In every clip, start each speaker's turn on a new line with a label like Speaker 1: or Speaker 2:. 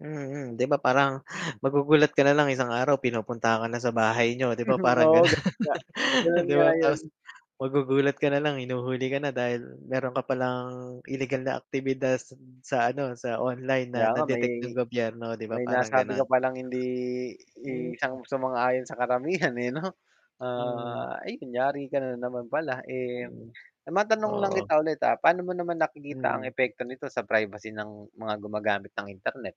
Speaker 1: Mm, 'di ba, parang magugulat ka na lang isang araw pinupuntahan ka na sa bahay niyo, 'di ba, parang
Speaker 2: Oo,
Speaker 1: gano'n,
Speaker 2: gano'n nga. Gano'n
Speaker 1: 'di
Speaker 2: nga
Speaker 1: ba, tapos
Speaker 2: 'yun.
Speaker 1: magugulat ka na lang hinuhuli ka na, dahil meron ka palang, ilegal na aktibidad s hmm, sa ano, sa online na
Speaker 2: Kaya nga, may
Speaker 1: na-detect ng gobyerno, 'di ba,
Speaker 2: may
Speaker 1: parang
Speaker 2: nasabi
Speaker 1: ganon.
Speaker 2: ko palang hindi
Speaker 1: Hmm.
Speaker 2: i sang sumang-ayon sa karamihan, eh, 'no.
Speaker 1: Hmm.
Speaker 2: Ah, 'yun, yari ka na naman pala, eh
Speaker 1: Mm,
Speaker 2: matanong lang kita
Speaker 1: oo.
Speaker 2: ulit, ah, paano mo naman nakikita ang
Speaker 1: Mm.
Speaker 2: epekto nito sa privacy ng mga gumagamit ng internet?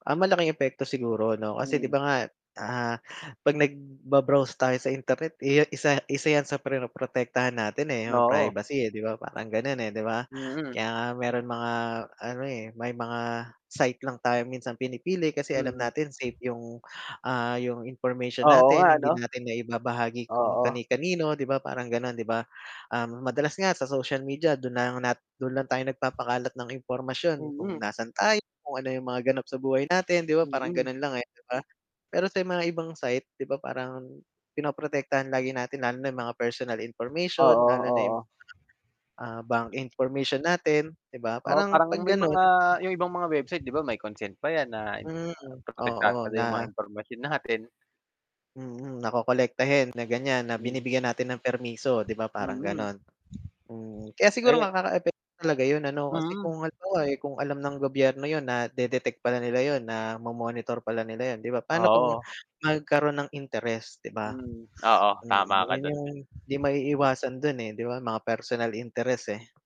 Speaker 1: Ah, malaking epekto siguro 'no, kasi di
Speaker 2: Hmm.
Speaker 1: ba nga, ah, 'pag nagba-browse tayo sa internet, eh, isa isa 'yan sa protektahan natin, eh, 'yung
Speaker 2: Oo.
Speaker 1: privacy, eh, di ba parang gano'n, eh, di ba?
Speaker 2: Mm.
Speaker 1: Kaya nga meron mga ano, eh, may mga site lang tayo minsan pinipili, kasi alam
Speaker 2: Mm.
Speaker 1: natin safe 'yung, ah, 'yung information
Speaker 2: Oo nga,
Speaker 1: natin, hindi
Speaker 2: ano.
Speaker 1: natin naibabahagi kung
Speaker 2: Oo.
Speaker 1: kani-kanino, di ba, parang gano'n di ba. Um, madalas nga sa social media do'n na lang nat do'n lang tayo nagpapakalat ng impormasyon, kung
Speaker 2: Mm.
Speaker 1: nasaan tayo, kung ano 'yung mga ganap sa buhay natin, di ba, parang
Speaker 2: Mm.
Speaker 1: gano'n lang, eh, di ba. Pero sa mga ibang site diba, parang, pinoprotektahan lagi natin lalo na 'yung mga personal information,
Speaker 2: Oo,
Speaker 1: lalo na 'yung,
Speaker 2: oo.
Speaker 1: ah, bank information natin diba,
Speaker 2: Oo,
Speaker 1: parang
Speaker 2: parang
Speaker 1: 'pag
Speaker 2: may
Speaker 1: gano'n
Speaker 2: mga 'yung ibang mga website di ba may consent pa 'yan, na
Speaker 1: Hmm,
Speaker 2: kumbaga
Speaker 1: oo
Speaker 2: protektado
Speaker 1: na
Speaker 2: 'yung mga impormasyon natin.
Speaker 1: Mm. Nakokolektahin na ganyan, na
Speaker 2: Mm.
Speaker 1: binibigyan natin ng permiso, 'di ba, parang
Speaker 2: Mm.
Speaker 1: gano'n, mm. Kaya siguro
Speaker 2: Aye
Speaker 1: nga kakaepek talaga 'yun ano, kasi
Speaker 2: Mm.
Speaker 1: kung halimbawa, kung alam ng gobyerno 'yon, nade-detect pala nila 'yon, na mo-monitor pala nila 'yon, 'di ba, paano kung
Speaker 2: Oo.
Speaker 1: magkaroon ng interes, 'di ba?
Speaker 2: Mm. Oo,
Speaker 1: Mm,
Speaker 2: tama ka
Speaker 1: 'yun
Speaker 2: do'n.
Speaker 1: 'yung 'di maiiwasan do'n, eh, di ba, mga personal interest, eh.